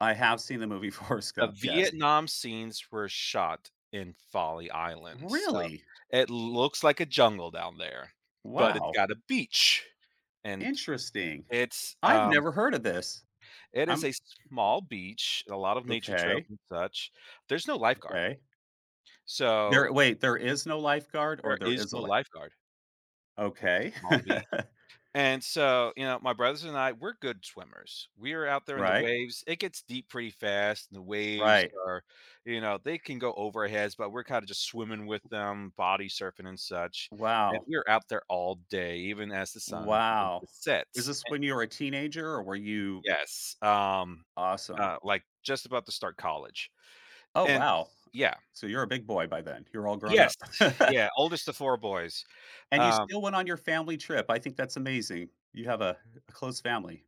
I have seen the movie Forrest The Gump. Yes. Vietnam scenes were shot in Folly Island, so Really? it looks like a jungle down there, but it's Wow. got a beach, and Interesting. it's, I've um never heard of this. it is I'm a small beach, and a lot of nature trails Okay. and such. There's no lifeguard. Okay. So There wait, there is no lifeguard or There there is is a no li lifeguard. It's Okay. a small beach, and so, you know, my brothers and I, we're good swimmers. We are out there in the Right. waves. It gets deep pretty fast. The waves Right. are, you know, they can go over our heads, but we're kinda just swimming with them, body surfing and such, and Wow. we're out there all day, even as the sun begins Wow. to set Is this and when you were a teenager or were Y you yes, um, Awesome. uh, like, just about to start college, Oh, and wow. yeah. So, you're a big boy by then? You're all grown up. Yes. Yeah. Oldest of 4 boys. And you Um still went on your family trip. I think that's amazing. You have a a close family.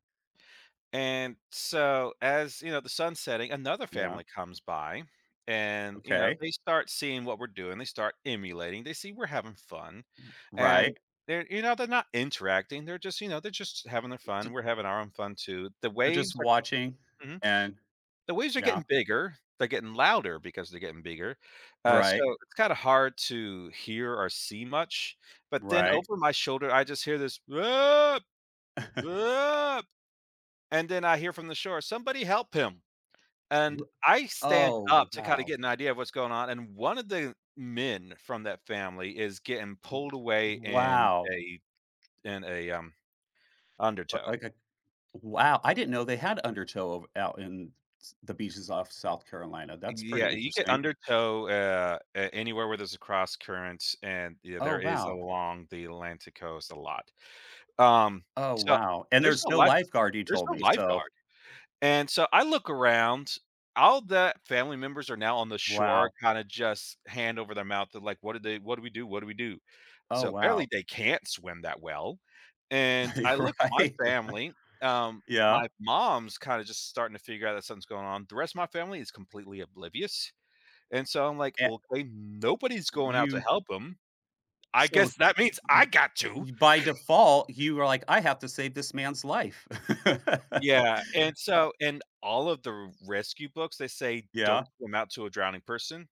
And so, as, you know, the sun's setting, another Yeah. family comes by and, you know, Okay. they start seeing what we're doing. They start emulating. They see we're having fun, R and right. they're, you know, they're not interacting, they're just, you know, they're just having their R t fun. We're having our own fun, too. The They're just waves, are watching Mhm. and The waves are yeah. getting bigger. They're getting louder because they're getting bigger. Uh, so Right. it's kinda hard to hear or see much, but then Right. over my shoulder, I just hear this and then I hear from the shore, "Somebody help him," and Wha I stand oh, up to kinda wow. get an idea of what's going on, and one of the men from that family is getting W pulled away in wow. they in a, um, [unintelligible] undertow. W wow. I didn't know they had undertow ov out in s the beaches off South Carolina. That's pretty Yeah, you get interesting. undertow, uh, a anywhere where there's a cross current, and Oh, there is wow. along the Atlantic Coast a lot. Um, Oh, so wow, and there's there's no no lifeguard. lifeguard, you There's told no me, so lifeguard, and so I look around. All the family members are now on the shore Wow. kinda just hand over their mouth to like, what do they "What do we do, what do we do?" Oh, So wow. apparently, they can't swim that well, and I looked to my Right. family. Um, Yeah. my mom's kinda just starting to figure out that something's going on. The rest of my family is completely oblivious, and so I'm like, And "Okay, nobody's Y going out to you help ‘em. I So, guess that means I you got to." you by default, you were like, "I have to save this man's life." Yeah, and Ha so in all of the rescue books, they say, "Don't Yeah? come out to a drowning person."